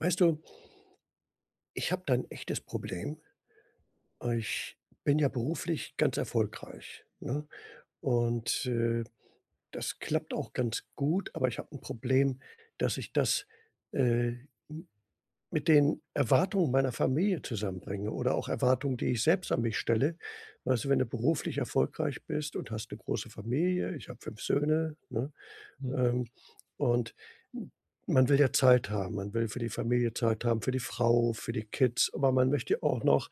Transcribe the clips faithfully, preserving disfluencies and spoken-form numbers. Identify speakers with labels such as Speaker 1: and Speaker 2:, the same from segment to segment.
Speaker 1: Weißt du ich habe da 'n echtes Problem. Ich bin ja beruflich ganz erfolgreich, ne? Und, äh, das klappt auch ganz gut. Aber ich habe 'n Problem, dass ich das, äh, m mit den Erwartungen meiner Familie zusammenbringe. Oder auch Erwartungen, die ich selbst an mich stelle. Also, wenn du beruflich erfolgreich bist und hast 'ne große Familie, ich habe fünf Söhne, ne,
Speaker 2: Hm.
Speaker 1: ähm, und m man will ja Zeit haben. Man will für die Familie Zeit haben, für die Frau, für die Kids. Aber man möchte auch noch,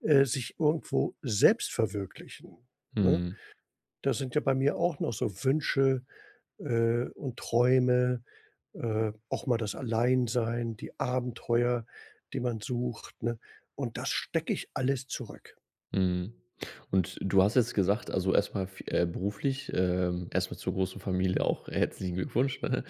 Speaker 1: äh, sich irgendwo selbst verwirklichen, ne?
Speaker 2: Mhm.
Speaker 1: Da sind ja bei mir auch noch so Wünsche, äh, und Träume, äh, auch mal das Alleinsein, die Abenteuer, die man sucht, ne? Und das stecke ich alles zurück.
Speaker 2: Mhm. Und du hast jetzt gesagt also erstmal f äh, beruflich ähm, erstmal zur großen Familie auch herzlichen Glückwunsch, ne?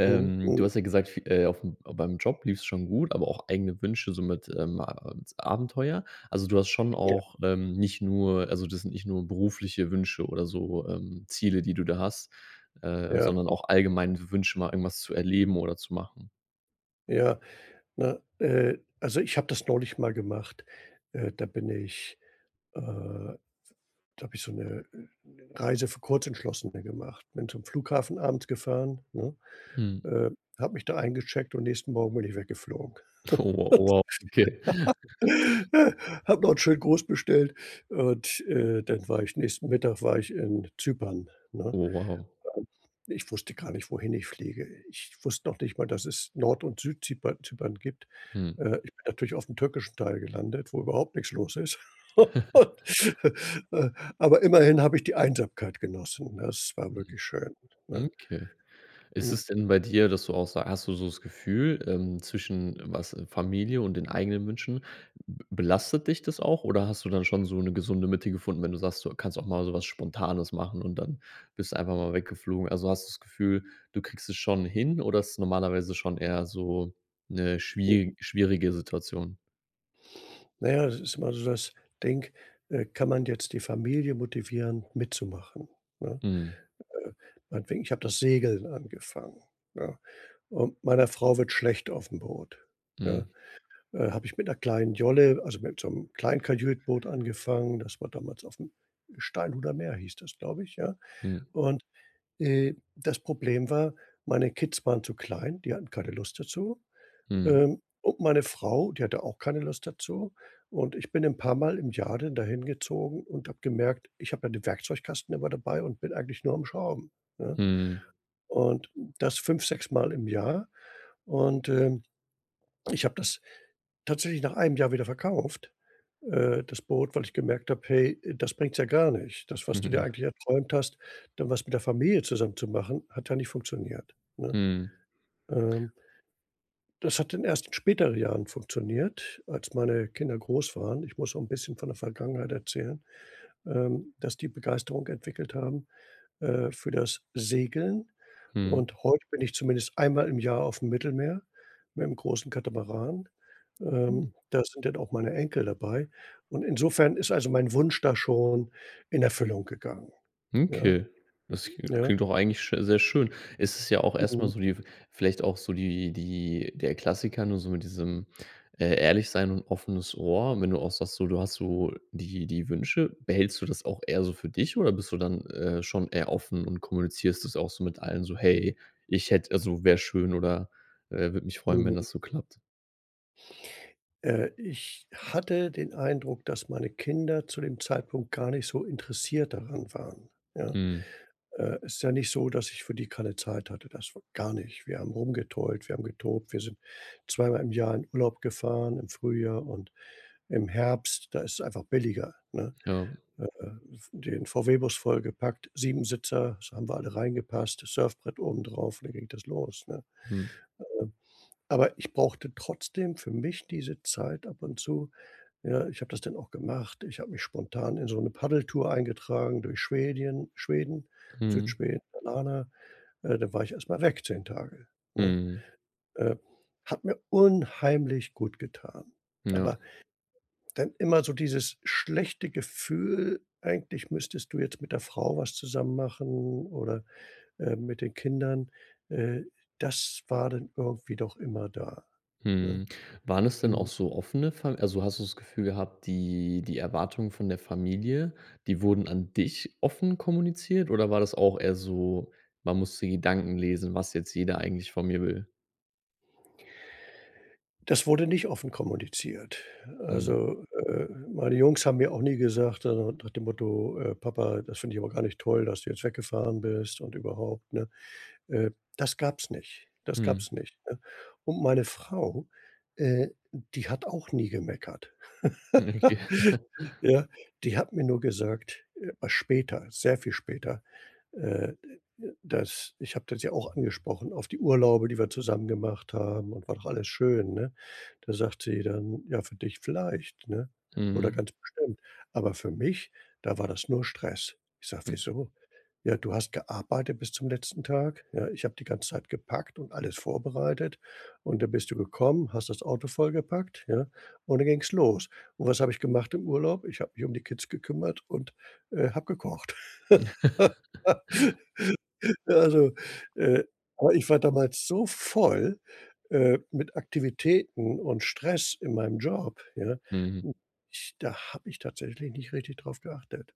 Speaker 1: Mhm,
Speaker 2: du
Speaker 1: mhm.
Speaker 2: hast ja gesagt f äh, aufm beim Job lief's schon gut, aber auch eigene Wünsche so mit, ähm, [unintelligible] Abenteuer. Also du hast schon
Speaker 1: Ja.
Speaker 2: auch, ähm, nicht nur also das sind nicht nur berufliche Wünsche oder so, ähm, Ziele, die du da hast, äh,
Speaker 1: Ja.
Speaker 2: sondern auch allgemein W Wünsche mal irgendwas zu erleben oder zu machen?
Speaker 1: Ja, ne, äh, also, ich habe das neulich mal gemacht. Äh, da bin ich, äh da habe ich so 'ne, äh, Reise für Kurzentschlossene gemacht. Bin zum Flughafen abends gefahren, ne?
Speaker 2: Hm.
Speaker 1: Äh, habe mich da eingecheckt und nächsten Morgen bin ich weggeflogen.
Speaker 2: Oh w wow, okay.
Speaker 1: Habe noch 'n schönen Gruß bestellt. Und, äh, dann war ich nächsten Mittag war ich in Zypern, ne?
Speaker 2: Oh wow.
Speaker 1: [unintelligible] Ich wusste gar nicht, wohin ich fliege. Ich wusste noch nicht mal, dass es Nord und Süd-Zyper Zypern gibt.
Speaker 2: Mhm.
Speaker 1: Äh, ich bin natürlich aufm türkischen Teil gelandet, wo überhaupt nix los ist. Äh, aber immerhin habe ich die Einsamkeit genossen, ne, es war
Speaker 2: Mhm.
Speaker 1: wirklich schön,
Speaker 2: Hm,
Speaker 1: ne?
Speaker 2: okay. Ist
Speaker 1: U
Speaker 2: es denn bei dir, dass du auch so hast du so das Gefühl, ähm, zwischen was Familie und den eigenen Wünschen, be belastet dich das auch oder hast du dann schon so 'ne gesunde Mitte gefunden, wenn du sagst, du kannst auch mal so was spontanes machen und dann bist du einfach mal weggeflogen. Also, hast du das Gefühl, du kriegst es schon hin oder ist normalerweise schon eher so 'ne schwier schwierige Situation?
Speaker 1: Na ja, es ist immer so das Ding. Äh, kann man jetzt die Familie motivieren, mitzumachen, ne?
Speaker 2: Mhm.
Speaker 1: Äh, meinetwegen, ich habe das Segeln angefangen, ne? Und meiner Frau wird schlecht aufm Boot, ja?
Speaker 2: Mhm.
Speaker 1: Äh, habe ich mit 'ner kleinen Jolle, also mit so 'nem Kleinkajüt-Boot angefangen. Das war damals aufm Steinhuder Meer hieß das, glaube ich, ja.
Speaker 2: Hm.
Speaker 1: Und, äh, das Problem war, meine Kids waren zu klein. Die hatten keine Lust dazu.
Speaker 2: Mhm.
Speaker 1: Ähm, und meine Frau, die hatte auch keine Lust dazu. Und ich bin 'n paar Mal im Jahr dann da hingezogen und habe gemerkt: „Ich habe ja den Werkzeugkasten immer dabei und bin eigentlich nur am Schrauben, ne?“
Speaker 2: Mhm.
Speaker 1: Und das fünf, sechsmal im Jahr und, ähm. Ich habe das tatsächlich nach einem Jahr wieder verkauft, äh, das Boot, weil ich gemerkt habe: „Hey, äh, das bringt's ja gar nicht. Das, was du dir
Speaker 2: Ja.
Speaker 1: eigentlich erträumt hast, dann was mit der Familie zusammen zu machen, hat ja nicht funktioniert, ne?“
Speaker 2: Mhm.
Speaker 1: Ähm das hat dann erst in späteren Jahren funktioniert, als meine Kinder groß waren. Ich muss auch 'n bisschen von der Vergangenheit erzählen, ähm, dass die Begeisterung entwickelt haben, äh, für das Segeln.
Speaker 2: Mhm.
Speaker 1: Und heute bin ich zumindest einmal im Jahr aufm Mittelmeer mit'm großen Katamaran.
Speaker 2: Hm.
Speaker 1: Ähm, da sind dann auch meine Enkel dabei. Und insofern ist also mein Wunsch da schon in Erfüllung gegangen. Ja.
Speaker 2: Okay. Das [unintelligible]
Speaker 1: Ja.
Speaker 2: klingt doch eigentlich sch sehr schön. Es ist ja auch erstmal
Speaker 1: Mhm.
Speaker 2: so die w vielleicht auch so die die der Klassiker nur so mit diesem, äh, ehrlich sein und offenes Ohr. Wenn du auch sagst so, du hast so die die Wünsche, behältst du das auch eher so für dich? Oder bist du dann, äh, schon eher offen und kommunizierst das auch so mit allen so: „Hey, ich hätte also wäre schön.“ Oder, äh: „Würde mich freuen, wenn
Speaker 1: Mhm.
Speaker 2: das so klappt.“
Speaker 1: Äh, ich hatte den Eindruck, dass meine Kinder zu dem Zeitpunkt gar nicht so interessiert daran waren, ja.
Speaker 2: Mhm.
Speaker 1: Äh, ist ja nicht so, dass ich für die keine Zeit hatte, das w gar nicht. Wir haben rumgetollt, wir haben getobt, wir sind zweimal im Jahr in Urlaub gefahren. Im Frühjahr und im Herbst, da ist es einfach billiger, ne?
Speaker 2: Ja.
Speaker 1: Äh, V den VW Bus vollgepackt, sieben sitzer. Das haben wir alle reingepasst. Das Surfbrett obendrauf. Dann ging das los, ne?
Speaker 2: Mhm.
Speaker 1: Ähm, aber ich brauchte trotzdem für mich diese Zeit ab und zu. Ja, ich habe das dann auch gemacht. Ich habe mich spontan in so 'ne Paddeltour eingetragen durch Schwedien Schweden,
Speaker 2: Mhm.
Speaker 1: Südschweden, Alana. Äh, da war ich erst mal weg, zehn Tage, ne?
Speaker 2: Mhm.
Speaker 1: Äh, hat mir unheimlich gut getan,
Speaker 2: Ja.
Speaker 1: aber dann immer so dieses schlechte Gefühl: „Eigentlich müsstest du jetzt mit der Frau was zusammen machen, oder, ähm, mit den Kindern.” Äh, das war dann irgendwie doch immer da, ne?
Speaker 2: Mhm. Waren es denn auch
Speaker 1: Mhm.
Speaker 2: so offene Fa also, hast du das Gefühl gehabt, die die Erwartungen von der Familie, die wurden an dich offen kommuniziert oder war das auch eher so, man muss die Gedanken lesen, was jetzt jeder eigentlich von mir will?
Speaker 1: Das wurde nicht offen kommuniziert.
Speaker 2: Mhm.
Speaker 1: Also, äh, meine Jungs haben mir auch nie gesagt, äh, nach dem Motto, äh: „Papa, das finde ich aber gar nicht toll, dass du jetzt weggefahren bist" und überhaupt, ne? Äh, das gab's nicht. Das gab's
Speaker 2: Mhm.
Speaker 1: nicht, ne? Und meine Frau, äh, d die hat auch nie gemeckert.
Speaker 2: [unintelligible]
Speaker 1: Ja? Die hat mir nur gesagt äh, später, sehr viel später, äh, d äh, äh dass ich habe das ja auch angesprochen, auf die Urlaube, die wir zusammen gemacht haben und war doch alles schön, ne? Da sagt sie dann: „Ja, für dich vielleicht" ne, oder:
Speaker 2: Mhm.
Speaker 1: „Ganz bestimmt. Aber für mich, da war das nur Stress." Ich sage:
Speaker 2: Hm.
Speaker 1: „Wieso?" „Ja du hast gearbeitet bis zum letzten Tag, ja? Ich habe die ganze Zeit gepackt und alles vorbereitet. Und dann bist du gekommen, hast das Auto vollgepackt, ja? Und dann ging's los. Und was habe ich gemacht im Urlaub? Ich habe mich um die Kids gekümmert und, äh, habe gekocht!" Na also. Äh, aber ich war damals so voll, äh, mit Aktivitäten und Stress in meinem Job, ja,
Speaker 2: Mhm.
Speaker 1: m ich da habe ich tatsächlich nicht richtig drauf geachtet,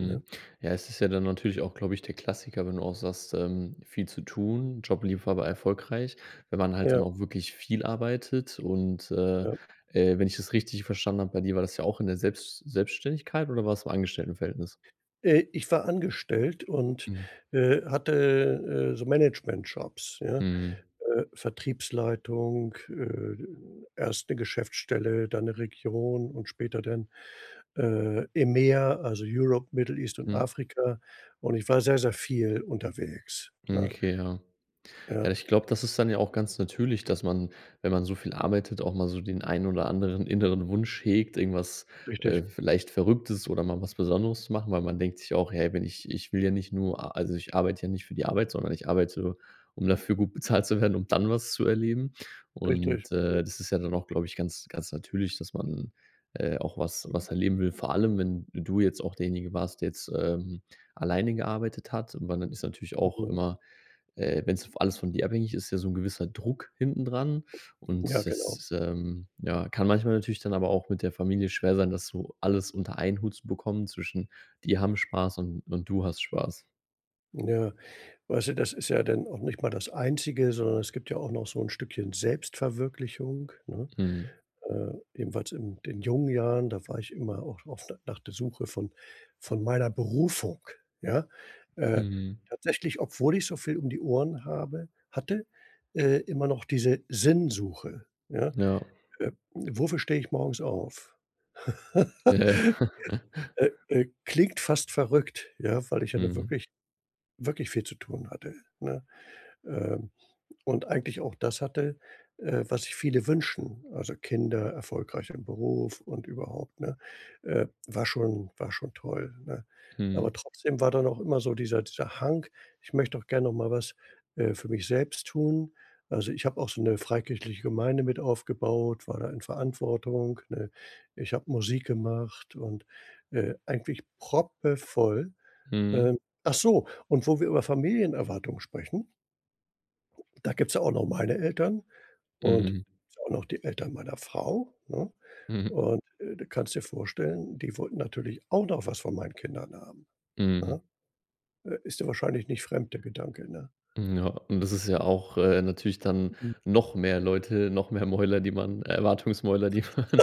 Speaker 1: ne?
Speaker 2: ja, es ist ja dann natürlich auch, glaube ich, der Klassiker, wenn du auch sagst, ähm: „Viel zu tun. Job lief aber
Speaker 1: Ja.
Speaker 2: erfolgreich, wenn man halt
Speaker 1: Ja.
Speaker 2: dann auch wirklich viel arbeitet." Und, äh,
Speaker 1: Ja.
Speaker 2: äh, wenn ich es richtig verstanden habe, bei dir war das ja auch in der Selbst Selbstständigkeit oder war das im Angestelltenverhältnis?
Speaker 1: Äh, ich war angestellt und, äh, hatte, äh, äh, so Management Jobs, ja?
Speaker 2: Mhm.
Speaker 1: Äh, Vertriebsleitung. Äh, erst 'ne Geschäftsstelle, dann 'ne Region und später dann, äh, im Meer, also Europe, Middle East und
Speaker 2: Mhm.
Speaker 1: Afrika. Und ich war sehr, sehr viel unterwegs,
Speaker 2: Mhm,
Speaker 1: ne?
Speaker 2: okay, ja. Ja,
Speaker 1: Ja.
Speaker 2: ich glaube, das ist dann ja auch ganz natürlich, dass man, wenn man so viel arbeitet, auch mal so den einen oder anderen inneren Wunsch hegt, irgendwas, äh,
Speaker 1: Richtig.
Speaker 2: vielleicht Verrücktes oder mal was Besonderes zu machen, weil man denkt sich auch: „Hey, wenn ich ich will ja nicht nur a also, ich arbeite ja nicht für die Arbeit, sondern ich arbeite, um dafür gut bezahlt zu werden, um dann was zu erleben."
Speaker 1: Richtig.
Speaker 2: Und, äh, das ist ja dann auch, glaube ich, ganz ganz natürlich, dass man, äh, auch was was erleben will. Vor allem, wenn du jetzt auch derjenige warst, der jetzt, ähm, alleine gearbeitet hat, weil dann ist natürlich auch
Speaker 1: Mhm.
Speaker 2: immer äh, wenn's vo alles von dir abhängig ist, ja so 'n gewisser Druck hinten dran
Speaker 1: Ja,
Speaker 2: und
Speaker 1: genau.
Speaker 2: das, ähm, ja, kann manchmal natürlich dann aber auch mit der Familie schwer sein, das so alles unter einen Hut zu bekommen zwischen: Die haben Spaß und und du hast Spaß.
Speaker 1: Ja, weißt du, das ist ja dann auch nicht mal das Einzige, sondern es gibt ja auch noch so 'n Stückchen Selbstverwirklichung, ne?
Speaker 2: Mhm.
Speaker 1: Äh, ebenfalls in den jungen Jahren. Da war ich immer auch oft nach der Suche von von meiner Berufung, ja? Äh,
Speaker 2: Mhm.
Speaker 1: tatsächlich, obwohl ich so viel um die Ohren habe hatte, äh, immer noch diese Sinnsuche, ja?
Speaker 2: Ja.
Speaker 1: „Äh, wofür stehe ich morgens auf?“
Speaker 2: Ja.
Speaker 1: Äh, äh, klingt fast verrückt, ja, weil ich ja nun
Speaker 2: Mhm.
Speaker 1: wirklich wirklich viel zu tun hatte, ne? Ähm, und eigentlich auch das hatte, äh, was sich viele wünschen. Also, Kinder, erfolgreich im Beruf und überhaupt, ne? Äh, war schon war schon toll, ne? Aber
Speaker 2: Mhm.
Speaker 1: trotzdem war dann auch immer so dieser dieser Hang, „Ich möchte auch gern noch mal was, äh, für mich selbst tun.” Also, ich habe auch so 'ne freikirchliche Gemeinde mit aufgebaut. War da in Verantwortung, ne? Ich habe Musik gemacht und, äh, eigentlich proppevoll.
Speaker 2: Mhm.
Speaker 1: Ähm, ach so, und wo wir über Familienerwartung sprechen da gibt's ja auch noch meine Eltern und
Speaker 2: Mhm.
Speaker 1: auch noch die Eltern meiner Frau, ne? Und, äh, du kannst dir vorstellen, die wollten natürlich auch noch was von meinen Kindern haben, ne?
Speaker 2: Mhm.
Speaker 1: Äh, ist dir wahrscheinlich nicht fremd der Gedanke, ne?
Speaker 2: Mhm, ja, und das ist ja auch, äh, natürlich dann
Speaker 1: Mhm.
Speaker 2: noch mehr Leute, noch mehr Mäuler, die man Erwartungsmäuler, die man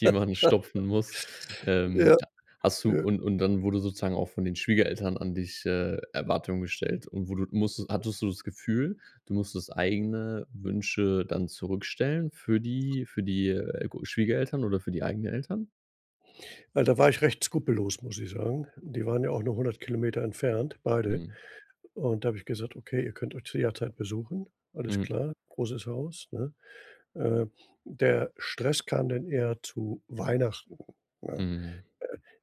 Speaker 2: die man stopfen muss. Ähm,
Speaker 1: Ja,
Speaker 2: hast du
Speaker 1: ja.
Speaker 2: und und dann wurde sozusagen auch von den Schwiegereltern an dich, äh, Erwartungen gestellt und wo du musst hattest du das Gefühl, du musstest eigene Wünsche dann zurückstellen für die für die, äh, g Schwiegereltern oder für die eigenen Eltern?
Speaker 1: Weil, da war ich recht skrupellos, muss ich sagen. Die waren ja auch nur hundert Kilometer entfernt beide.
Speaker 2: Mhm.
Speaker 1: Und da habe ich gesagt: „Okay, ihr könnt euch zu jederzeit besuchen.“ Alles
Speaker 2: Mhm.
Speaker 1: klar, großes Haus, ne? Äh, der Stress kam dann eher zu Weihnachten, ne? Äh,
Speaker 2: Mhm.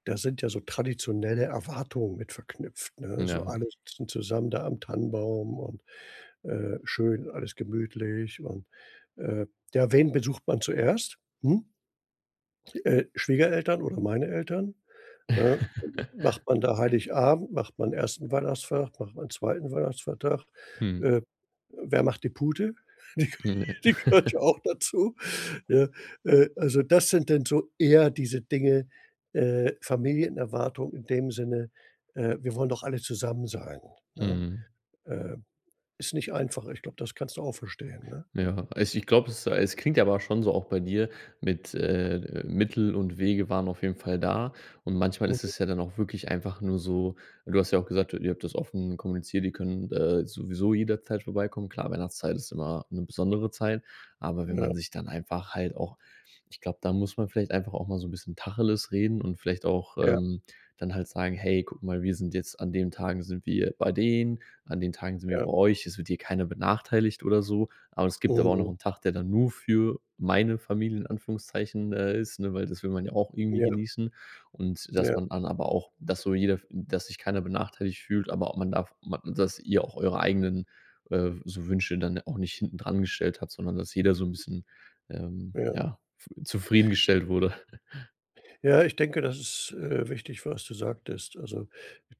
Speaker 1: da sind ja so traditionelle Erwartungen mit verknüpft, ne? So
Speaker 2: Ja.
Speaker 1: alle sitzen zusammen da am Tannenbaum und, äh, schön, alles gemütlich und, äh, ja wen besucht man zuerst? Hm? Äh, Schwiegereltern oder meine Eltern, ne? Macht man da Heiligabend, macht man ersten Weihnachtsfeiertag, macht man zweiten Weihnachtsfeiertag?
Speaker 2: Mhm.
Speaker 1: Äh, wer macht die Pute? Die
Speaker 2: Mhm.
Speaker 1: die gehört ja auch dazu, ne? Äh, also, das sind dann so eher diese Dinge, äh, Familienerwartung in dem Sinne, äh: „Wir wollen doch alle zusammen sein,” ne?
Speaker 2: Mhm.
Speaker 1: Äh, ist nicht einfach. Ich glaube, das kannst du auch verstehen, ne?
Speaker 2: Ja, also, ich glaube, es es klingt ja aber schon so auch bei dir mit, äh, Mittel und Wege waren auf jeden Fall da. Und manchmal ist
Speaker 1: Mhm.
Speaker 2: es ja dann auch wirklich einfach nur so du hast ja auch gesagt, ihr habt das offen kommuniziert, die können, äh, sowieso jederzeit vorbeikommen. Klar, Weihnachtszeit ist immer 'ne besondere Zeit, aber wenn
Speaker 1: Ja.
Speaker 2: man sich dann einfach halt auch ich glaube, da muss man vielleicht einfach auch mal so 'n bisschen Tacheles reden und vielleicht auch,
Speaker 1: Ja.
Speaker 2: ähm, dann halt sagen, „Hey, guck mal, wir sind jetzt an den Tagen sind wir bei denen, an den Tagen sind wir
Speaker 1: Ja.
Speaker 2: bei euch, es wird hier keiner benachteiligt oder so." Aber es gibt aber auch noch
Speaker 1: Mhm.
Speaker 2: 'nen Tag, der dann nur für meine Familie, in Anführungszeichen, äh, ist, ne weil das will man ja auch irgendwie
Speaker 1: Ja.
Speaker 2: genießen und dass
Speaker 1: Ja.
Speaker 2: man dann aber auch, dass so jeder dass sich keiner benachteiligt fühlt, aber auch man darf ma dass ihr auch eure eigenen, äh, so Wünsche dann auch nicht hinten dran gestellt hat, sondern dass jeder so 'n bisschen, ähm,
Speaker 1: Ja.
Speaker 2: ja, w zufriedengestellt wurde.
Speaker 1: Ja, ich denke, das ist, äh, wichtig, was du sagtest. Also,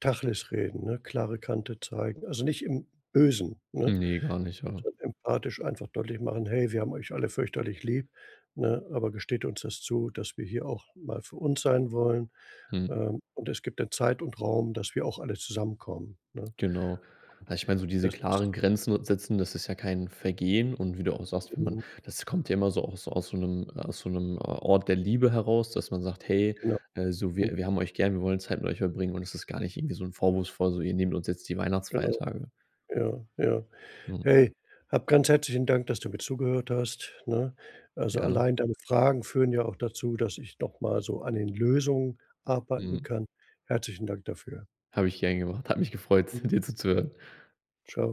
Speaker 1: Tacheles reden, ne, klare Kante zeigen. Also, nicht im Bösen, ne?
Speaker 2: Ne, gar nicht, ja.
Speaker 1: Also, empathisch einfach deutlich machen: „Hey, wir haben euch alle fürchterlich lieb, ne? Aber gesteht uns das zu, dass wir hier auch mal für uns sein wollen.
Speaker 2: Mhm.
Speaker 1: Ähm, und es gibt 'ne Zeit und Raum, dass wir auch alle zusammenkommen, ne?”
Speaker 2: Genau. Also, ich meine, so diese
Speaker 1: Das
Speaker 2: klaren
Speaker 1: ist
Speaker 2: Grenzen setzen, das ist ja kein Vergehen und wie du auch sagst, wenn man
Speaker 1: Mhm.
Speaker 2: das kommt ja immer so aus aus so 'nem so 'nem Ort der Liebe heraus, dass man sagt: „Hey,
Speaker 1: Genau.
Speaker 2: äh, so
Speaker 1: Hm.
Speaker 2: wir wir haben euch gern, wir wollen Zeit mit euch verbringen und das ist gar nicht irgendwie so 'n vorwurfsvoll so, ihr nehmt uns jetzt die
Speaker 1: Genau.
Speaker 2: Weihnachtsfeiertage.”
Speaker 1: Ja, ja.
Speaker 2: Mhm.
Speaker 1: Hey, hab ganz herzlichen Dank, dass du mir zugehört hast, ne? Also,
Speaker 2: Gerne.
Speaker 1: allein deine Fragen führen ja auch dazu, dass ich noch mal so an den Lösungen arbeiten
Speaker 2: Mhm.
Speaker 1: kann. Herzlichen Dank dafür.
Speaker 2: Habe ich gern gemacht. Hat mich gefreut,
Speaker 1: Mhm.
Speaker 2: dir zuzuhören.
Speaker 1: Tschau.